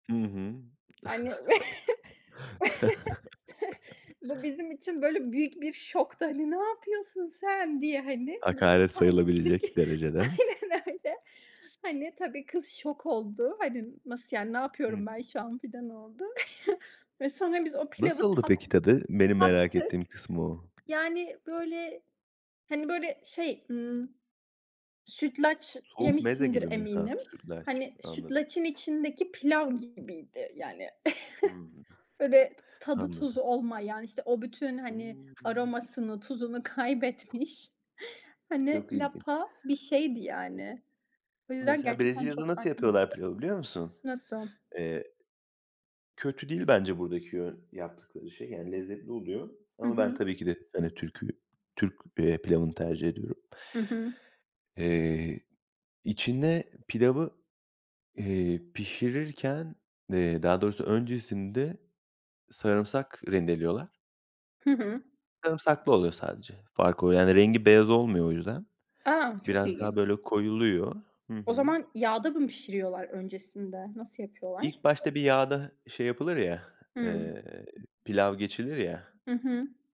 Hı hı. Hani. Bu bizim için böyle büyük bir şoktu, hani, "Ne yapıyorsun sen?" diye, hani, Hakaret mutfağa sayılabilecek girdik. derecede. Aynen öyle. Hani, tabii, kız şok oldu. Hani, "Nasıl yani? Ne Hıı. yapıyorum ben şu an?" filan oldu. Ve sonra biz o pilavı Nasıldı tat peki tadı? Benim merak tattık. ettiğim kısmı o. Yani, böyle, hani, böyle, şey, ımm, sütlaç Soğuk meze yemişsindir gibi mi? Ha, eminim. sütlaç. Hani, Anladım. sütlacın içindeki pilav gibiydi yani. Hımm. Böyle tadı Anladım. tuzu olmayan, işte o bütün, hani, Hımm. aromasını, tuzunu kaybetmiş, hani, Çok ilginç. lapa bir şeydi yani. O yüzden Mesela gerçekten Brezilya'da çok nasıl farklıydı. yapıyorlar pilavı, biliyor musun? Nasıl? Eee kötü değil bence buradaki yön yaptıkları şey. Yani lezzetli oluyor Hı ama ben hı. tabii ki de, hani, Türk'ü Türk, eee, pilavını tercih ediyorum. Hı hı. Eee, içine pilavı, eee, pişirirken eee, daha doğrusu öncesinde sarımsak rendeliyorlar. Hı hı. Sarımsaklı oluyor sadece, fark o. Yani rengi beyaz olmuyor o yüzden. A! Çok Biraz daha ilginç. böyle koyuluyor. Hı O hı. zaman yağda mı pişiriyorlar öncesinde? Nasıl yapıyorlar? İlk başta bir yağda hı şey yapılır ya, Hımm. eee, pilav geçilir ya. Hı hı.